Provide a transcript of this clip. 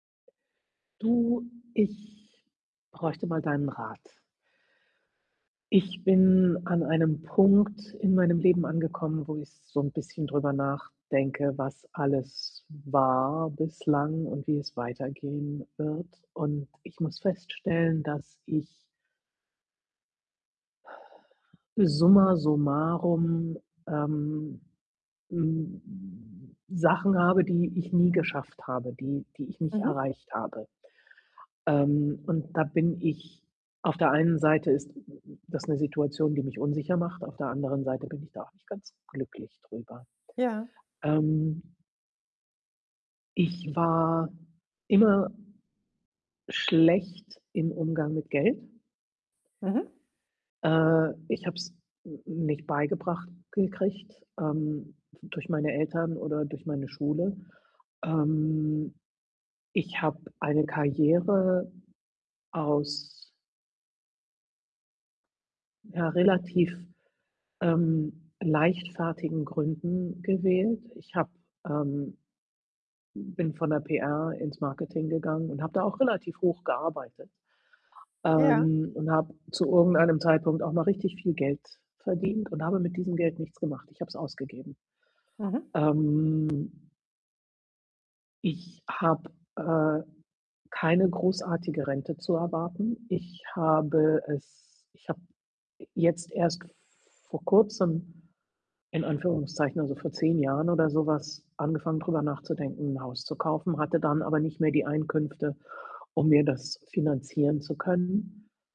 Du, ich bräuchte mal deinen Rat. Ich bin an einem Punkt in meinem Leben angekommen, wo ich so 'n bisschen drüber nachdenke, was alles war bislang und wie es weitergehen wird. Und ich muss feststellen, dass ich summa summarum, ähm, m m Sachen habe, die ich nie geschafft habe, die die ich nicht Mhm. erreicht habe. Ähm, und da bin ich auf der einen Seite ist das 'ne Situation, die mich unsicher macht, auf der anderen Seite bin ich da auch nicht ganz glücklich drüber. Ja. Ähm Ich war immer schlecht im Umgang mit Geld. Mhm. Äh, ich habe es n nicht beigebracht gekriegt, ähm, durch meine Eltern oder durch meine Schule. Ähm, ich habe eine Karriere aus ja, relativ, ähm, leichtfertigen Gründen gewählt. Ich habe, ähm bin von der PR ins Marketing gegangen und habe da auch relativ hoch gearbeitet, Ja. ähm, und habe zu irgendeinem Zeitpunkt auch noch richtig viel Geld verdient und habe mit diesem Geld nichts gemacht. Ich habe es ausgegeben. Mhm. Ähm. Ich habe, äh, keine großartige Rente zu erwarten. Ich habe es ich habe jetzt erst vor Kurzem in Anführungszeichen, also vor 10 Jahren oder so was, angefangen, drüber nachzudenken, 'n Haus zu kaufen, hatte dann aber nicht mehr die Einkünfte, um mir das finanzieren zu können.